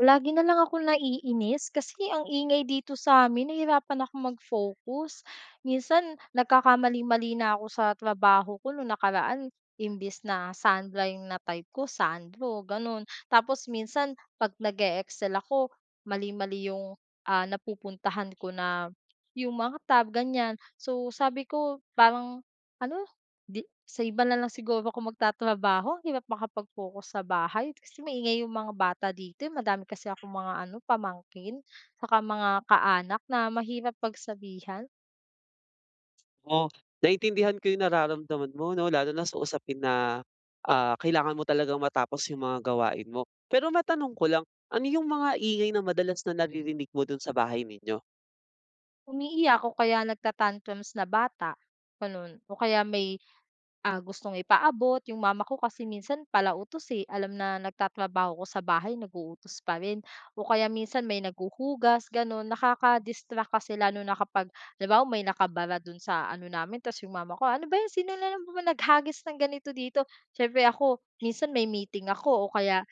Lagi na lang akong naiinis kasi ang ingay dito sa amin nahihirapan akong mag-focus. Minsan nagkakamali-mali na ako sa trabaho ko, no'ng nakaraan imbes na Sandra 'yong na-type ko Sandro gano'n. Tapos, minsan 'pag nag-e-excel ako mali-mali 'yong, ah, napupuntahan ko na 'yong mga tab, ganyan. So, sabi ko parang ano, 'di sa iba na lang siguro ako magtatrabaho, hirap makapag-focus sa bahay kasi maingay 'yong mga bata dito, eh. Madami kasi akong mga ano pamangkin, saka mga kaanak na mahirap pagsabihan. O, naintindihan ko 'yong nararamdaman mo 'no lalo na sa usapin na, ah, kailangan mo talagang matapos 'yong mga gawain mo. Pero, matanong ko lang, ano 'yong mga ingay na madalas na naririnig mo do'n sa bahay ninyo? Umiiyak o kaya nag-ta-tantrums na bata, gano'n o kaya may, ah, gustong ipaabot 'yong mama ko kasi minsan pala utos, eh. Alam na nagtatrabaho ko sa bahay nag-uutos pa rin o kaya minsan may naghuhugas gano'n, nakaka-distract kasi lalo na kapag, halimabawa may nakabara do'n sa ano namin, ta's 'yong mama ko, "Ano ba 'yon, sino na naman ba naghagis ng ganito dito?" Siyempre ako, minsan may meeting ako o kaya,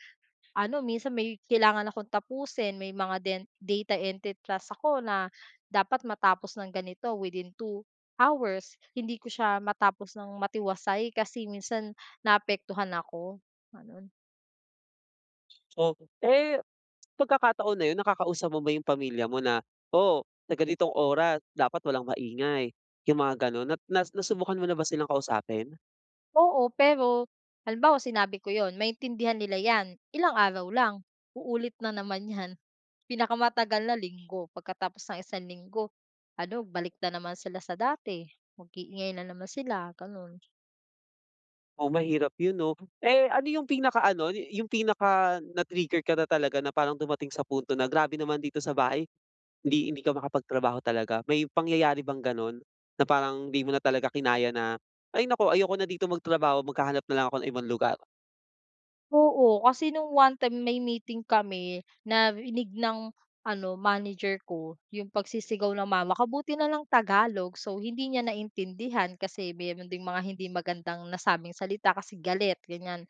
ano minsan may kailangan akong tapusin may mga den data entry task ako na dapat matapos ng ganito within 2 hours. Hindi ko siya matapos ng matiwasay kasi minsan naapektuhan ako, ganon. So, eh, pagkakataon na yun, nakakausap mo ba yung pamilya mo na, "Oh, sa ganitong oras dapat walang maingay." Yung mga ganun na na nasubukan mo na ba silang kausapin? Oo, pero halimbawa sinabi ko 'yon, maintindihan nila 'yan. Ilang araw lang, uulit na naman 'yan. Pinakamatagal na linggo pagkatapos ng isang linggo, ano balik na naman sila sa dati, mag-iingay na naman sila, gano'n. Oo, mahirap 'yon, 'no? Eh, ano yung pinaka-ano yu yung pinaka na na-trigger ka na talaga na parang dumating sa punto na, "Grabe naman dito sa bahay." Hindi hindi ka makapagtrabaho talaga, may pangyayari bang gano'n? Na parang hindi mo na talaga kinaya na, "Ay naku, ayoko na dito magtrabaho, maghahanap na lang ako ng ibang lugar." Oo, kasi nung one time may meeting kami, narinig ng ano manager ko yung pagsisigaw ng mama ko, buti na lang tagalog. So, hindi niya naintindihan kasi meron ding mga hindi magandang nasabing salita kasi galit, ganiyan.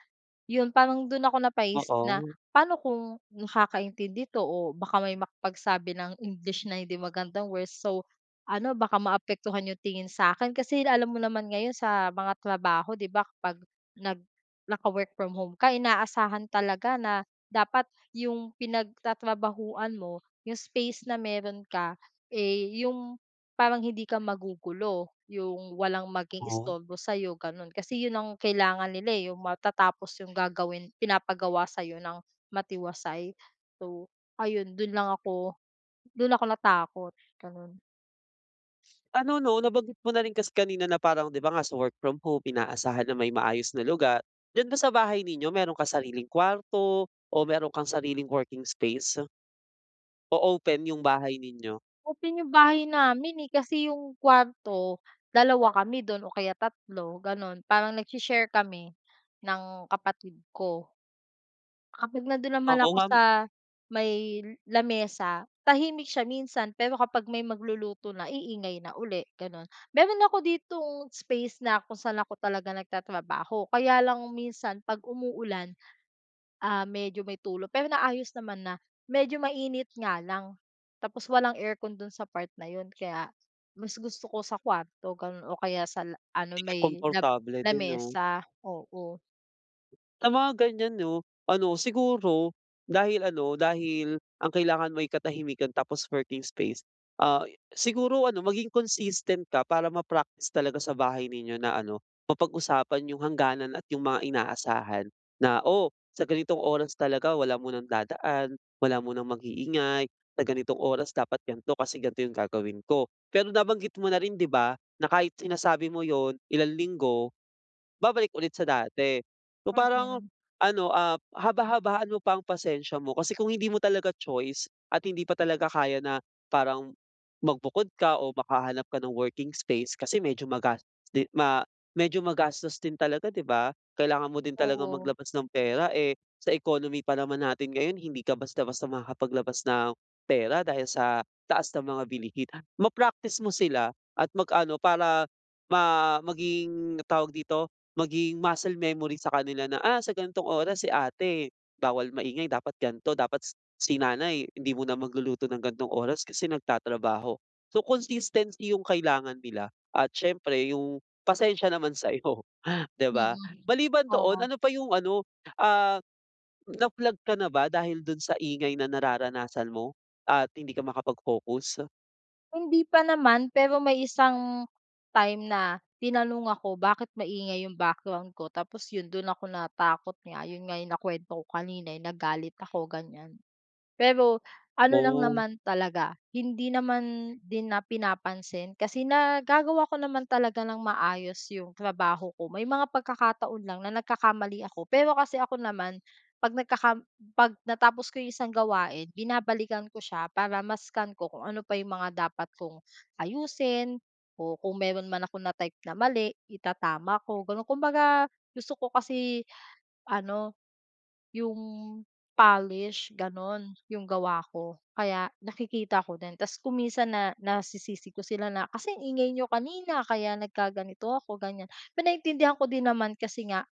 Yung parang dun ako napaisip na Oo. paano kung nakakaintindi 'to o baka may makapagsabi ng english na hindi magandang word. So, ano baka maapektuhan yung tingin sa'kin, kasi alam mo naman ngayon sa mga trabaho, 'di ba, kapag nag naka-work from home ka inaasahan talaga na dapat yung pinagtatrabahuan mo yung space na meron ka, eh, yung parang hindi ka magugulo. Yung walang maging Oh. istorbo sa'yo gano'n kasi, 'yon ang kailangan nila, eh, yung matatapos yung gagawin pinapagawa sa'yo ng matiwasay. So, ayun do'n lang ako, do'n ako natakot, gano'n. Ano, 'no, nabanggit mo na rin kasi kanina na parang, 'di ba, nga sa work from home, inaasahan na may maayos na lugar. Diyan ba sa bahay ninyo, meron kang sariling kwarto o meron kang sariling working space? O open yung bahay ninyo? Open yung bahay namin, eh, kasi yung kwarto, dalawa kami dun o kaya tatlo, ganun. Parang nagshi-share kami ng kapatid ko. Kapag nandun naman Oo, ako ngam sa may lamesa, tahimik siya minsan pero kapag may magluluto na iingay na uli ganun. Meron ako ditong space na kung saan ako talaga nagtatrabaho kaya lang minsan 'pag umuulan, ah, medyo may tulo pero naayos naman na. Medyo mainit nga lang, tapos walang aircon dun sa part na yun kaya mas gusto ko sa kwarto ganun o kaya sa la Hindi ano ka may lab komportable din, 'no? lamesa, oo. Sa mga ganyan 'no, ano siguro, dahil ano dahil ang kailangan mo'y katahimikan tapos working space, ah, siguro ano maging consistent ka para ma-practice talaga sa bahay ninyo na ano, mapag-usapan 'yong hangganan at 'yong mga inaasahan na, "O, sa ganitong oras talaga wala munang dadaan, wala munang mag-iingay, sa ganitong oras dapat ganito, kasi ganito 'yong gagawin ko." Pero, nabanggit mo na rin 'di ba, na kahit sinasabi mo 'yon ilang linggo, babalik ulit sa dati. O, parang Mm. ano, ap haba-habaan mo pa ang pasensya mo, kasi kung hindi mo talaga choice at hindi pa talaga kaya na, parang magbukod ka o makahanap ka ng working space kasi medyo magas din, ma medyo magastos din talaga 'di ba, kailangan mo din talagang Oo. maglabas ng pera, eh, sa economy pa naman natin ngayon hindi ka basta-basta makakapaglabas ng, pera dahil sa taas ng mga bilihin. Ma-practice mo sila at mag-ano para, ma maging tawag dito, maging muscle memory sa kanila na, "Ah, sa ganitong oras si ate, bawal maingay, dapat ganito, dapat si si nanay hindi muna magluluto ng ganitong oras kasi nagtatrabaho." So, consistency 'yong kailangan nila at siyempre 'yong pasensiya naman sa 'yo, 'di Mm. ba? Maliban doon, Oo. ano pa 'yong ano, ah, na-flag ka na ba dahil do'n sa ingay na nararanasan mo at hindi ka makapag-focus? Hindi pa naman pero may isang time na tinanong ako bakit maingay yung background ko tapos yon do'n ako natakot nga yon nga nakuwento ko kanina yong nagalit ako ganyan. Pero ano lang Oh. naman talaga hindi naman din na pinapansin kasi nagagawa ko naman talaga ng maayos yong trabaho ko. May mga pagkakataon lang na nagkakamali ako, pero kasi ako naman 'pag nagkaka 'pag natapos ko yung isang gawain binabalikan ko siya para ma-scan ko kung ano pa yung mga dapat kong ayusin o kung meron man akong na type na mali itatama ko, gano'n. Kumbaga gusto ko kasi ano, 'yong polish gano'n 'yong gawa ko. Kaya, nakikita ko din, tapos kung minsan na, na nasisisi ko sila na, "Kasi ang ingay n'yo kanina, kaya nagkaganito ako", ganyan. Pero naiintindihan ko din naman kasi nga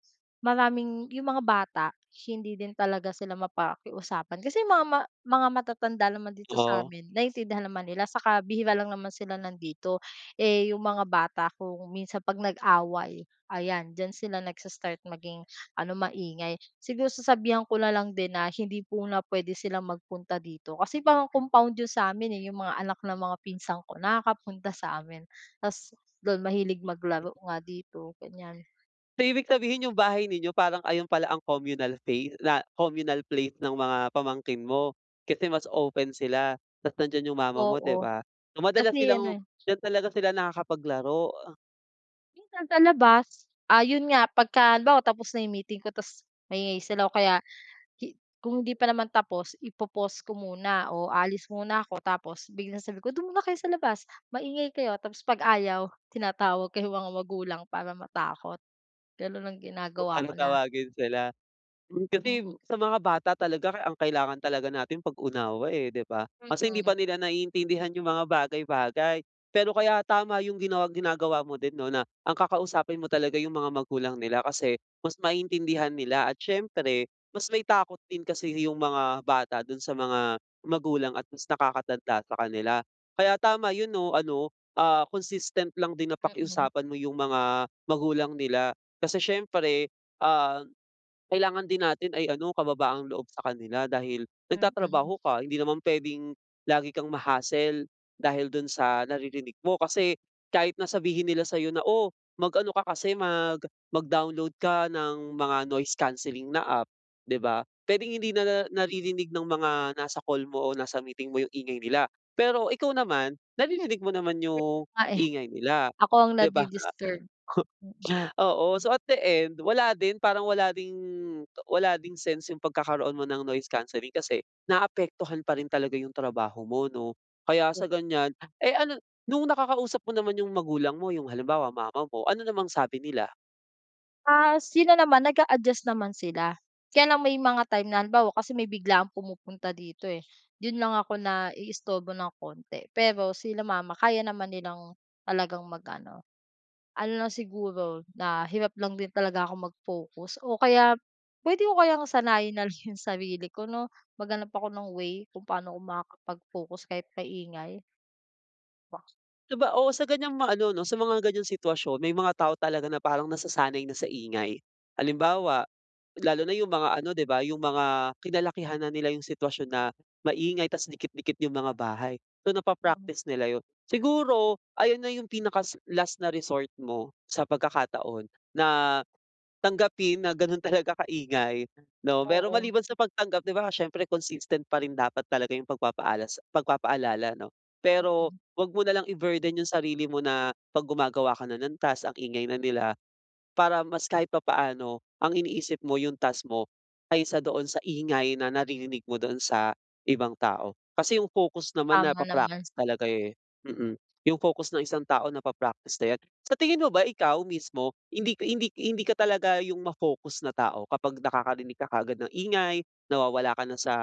,maraming 'yong mga bata hindi din talaga sila mapakiusapan kasi mga, ma mga matatanda naman dito sa Oo. amin naintindihan naman nila saka bihira lang naman sila nandito. Eh, 'yong mga bata kung minsan 'pag nag-away, ayan diyan sila nagsa-start maging ano, maingay. Siguro sasabihan ko na lang din na hindi muna puwede sila magpunta dito kasi parang compound 'yon sa amin eh, 'yong mga anak ng mga pinsan ko, nakakapunta sa amin tas do'n mahilig Hmm. maglaro nga dito ganyan. So, ibig sabihin 'yong bahay ninyo parang ayon pala ang communal fay na communal place ng mga pamangkin mo, kasi mas open sila tapos nandiyan yung mama mo Oo, 'di ba? So, madalas kasi ano silang eh. d'yan talaga sila nakakapaglaro, uh. Minsan sa labas. Ah, yun nga, pagka halimbawa, tapos na meeting ko tapos maingay sila o kaya hi kung hindi pa naman tapos, ipo-pause ko muna o aalis muna ako. Tapos biglang sabi ko, "Do'n muna kayo sa labas, maingay kayo." Tapos 'pag ayaw, tinatawag ko yung mga magulang para matakot. Gano'n ang Kung ginagawa ano, ko na. tawagin sila. Mm. Kasi Mm. sa mga bata talaga ka ang kailangan talaga natin pag-unawa, eh, di ba? Kasi hindi Mm. pa nila naiintindihan yung mga bagay-bagay. Pero kaya tama yung ginaw ginagawa mo din 'no na ang kakausapin mo talaga yung mga magulang nila kasi mas maintindihan nila at siyempre, mas may takot din kasi yung mga bata dun sa mga magulang at mas nakakatanda sa kanila. Kaya tama 'yon 'no, ano, ah, consistent lang din na Mm. pakiusapan mo 'yong mga magulang nila. Kasi siyempre, ah, kailangan din natin ay ano, kababaang loob sa kanila dahil Mm. nagtatrabaho ka. Hindi naman pwedeng lagi kang ma-hassle dahil dun sa naririnig mo. Kasi kahit na sabihin nila sa'yo na, "Oh, mag-ano ka kasi mag mag-download ka ng mga noise cancelling na app, di ba?" Pwedeng hindi na nar naririnig ng mga nasa call mo o nasa meeting mo yung ingay nila, pero ikaw naman, naririnig mo naman Mm yung nga, eh. ingay nila, Ako ang 'di ba? nadi-disturb, mm. Oo. So, at the end, wala din. Parang wala ding wala ding sense 'yong pagkakaroon mo ng noise cancelling kasi naapektuhan pa rin talaga 'yong trabaho mo 'no. Kaya sa ganyan, eh, ano nung nakakausap mo naman 'yong magulang mo, yung halimbawa, mama mo, ano namang sabi nila? Ah, sila naman nag-a-adjust naman sila. Kaya lang may mga time na halimbawa kasi may biglaang pumupunta dito eh, do'n lang ako naiistorbo ng konti. Pero sila mama kaya naman nilang talagang mag-ano. Ano lang siguro na hirap lang din talaga ako mag-focus o kaya puwede ko kayang sanayin nalang yung sarili ko, 'no? Maghanap ako ng way kung paano ko makakapag-focus kahit maingay. Ba Saba oo, sa ganyang mga ano 'no, sa mga ganyang sitwasyon, may mga tao talaga na parang nasasanay na sa ingay. Halimbawa, lalo na yung mga ano 'di ba, yung mga kinalakihan na nila yung sitwasyon na maingay tapos dikit-dikit yung mga bahay. So, Mm. napa-practice nila 'yon. Siguro, ayun na yung pinakasa last na resort mo sa pagkakataon na tanggapin na ganun talaga kaingay, 'no? Pero Oo. maliban sa pagtanggap, 'di ba siyempre consistent pa rin dapat talaga yung pagpapaalas pagpapaalala, 'no? Pero Mm. huwag mo nalang i-burden yung sarili mo na 'pag gumagawa ka na ng task, ang ingay na nila, para mas kahit papaano ang iniisip mo yung task mo kaysa doon sa ingay na naririnig mo doon sa ibang tao. Kasi yung focus naman Tama naman. napa-practice talaga eh, mm, yung focus ng isang tao napa-practice na yan. Sa tingin mo ba, ikaw mismo, hindi hindi hindi ka talaga yung ma-focus na tao kapag nakakarinig ka kaagad ng ingay, nawawala ka na sa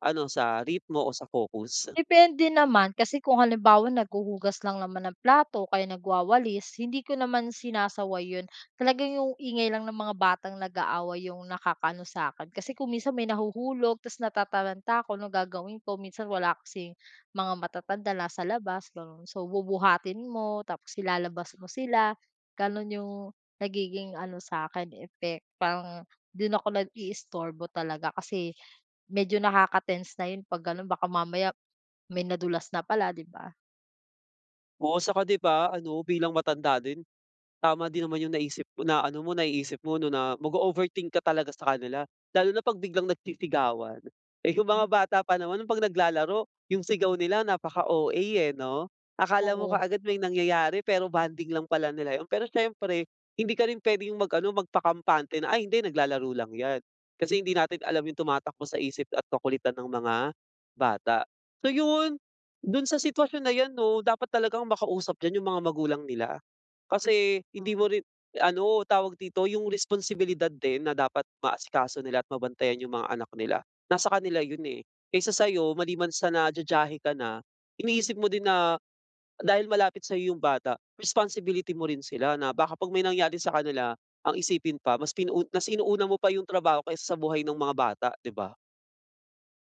ano, sa ritmo, o sa focus? Depende naman kasi kung halimbawa naghuhugas lang naman ng plato o kaya nagwawalis, hindi ko naman sinasaway yun. Talaga yung ingay lang ng mga batang nag-aaway yung nakakaano sa'kin. Kasi kung minsan may nahuhulog tapos natataranta ako, ano gagawin ko. Minsan wala kasing mga matatanda nasa labas, gano'n. So, bubuhatin mo, tapos ilalabas mo sila. Ganun yung nagiging ano sa akin, effect, parang do'n ako nag-i-istorbo talaga. Kasi medyo nakaka-tense na 'yon 'pag gano'n. Baka mamaya may nadulas na pala, 'di ba? Oo, saka 'di ba ano, bilang matanda din tama din naman yung naisip na ano mo, naiisip mo na mag-o-overthink ka talaga sa kanila lalo na 'pag biglang nagsisigawan. Eh, yung mga Mm. bata pa naman 'pag naglalaro, yung sigaw nila napaka OA, eh, 'no. Akala mo Oo. kaagad may nangyayari, pero bonding lang pala nila yun. Pero siyempre, hindi ka rin pwedeng mag ano, magpakampante na, "Ay, hindi. Naglalaro lang 'yan." Kasi hindi natin alam yung tumatakbo sa isip at kakulitan ng mga bata. So, yun. Dun sa sitwasyon na yan 'no, dapat talagang makausap diyan yung mga magulang nila. Kasi hindi Tama. mo rin ano, tawag dito, yung responsibilidad din na dapat maasikaso nila at mabantayan yung mga anak nila nasa kanila yun, eh. Kaysa sa'yo, maliban sa na jajahe ka na, iniisip mo din na dahil malapit sa'yo yung bata ,responsibility mo rin sila na baka 'pag may nangyari sa kanila, ang isipin pa mas pinau mas inuuna mo pa yung trabaho kaysa sa buhay nung mga bata, 'di ba?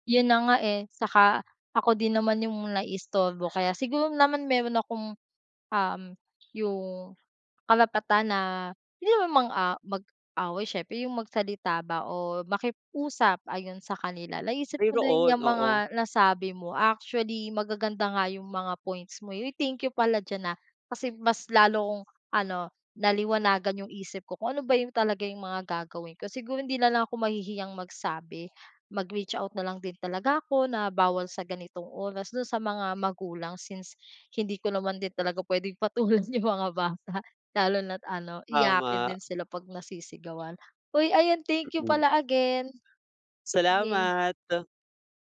Yun na nga, eh. Saka ako din naman yung naiistorbo kaya siguro naman meron akong, uhm, yung karapatan na hindi naman mang-a mag-away siyempre, 'yong magsalita ba o makiusap ayun, sa kanila. Naisip ko din Mayroon, 'yang oo. mga nasabi mo. Actually, magaganda nga 'yong mga points mo. Uy, thank you pala diyan ha, kasi mas lalo akong ano, naliwanagan 'yong isip ko kung ano ba yung talaga yung mga gagawin ko. Siguro, hindi na lang ako mahihiyang magsabi, mag-reach out na lang din talaga ako na bawal sa ganitong oras do'n sa mga magulang since hindi ko naman din talaga puwedeng patulan 'yong mga bata lalo na't ano, iyakin Tama. din sila 'pag nasisigawan. Uy, ayan, thank you Mm. pala again. Okey. Salamat.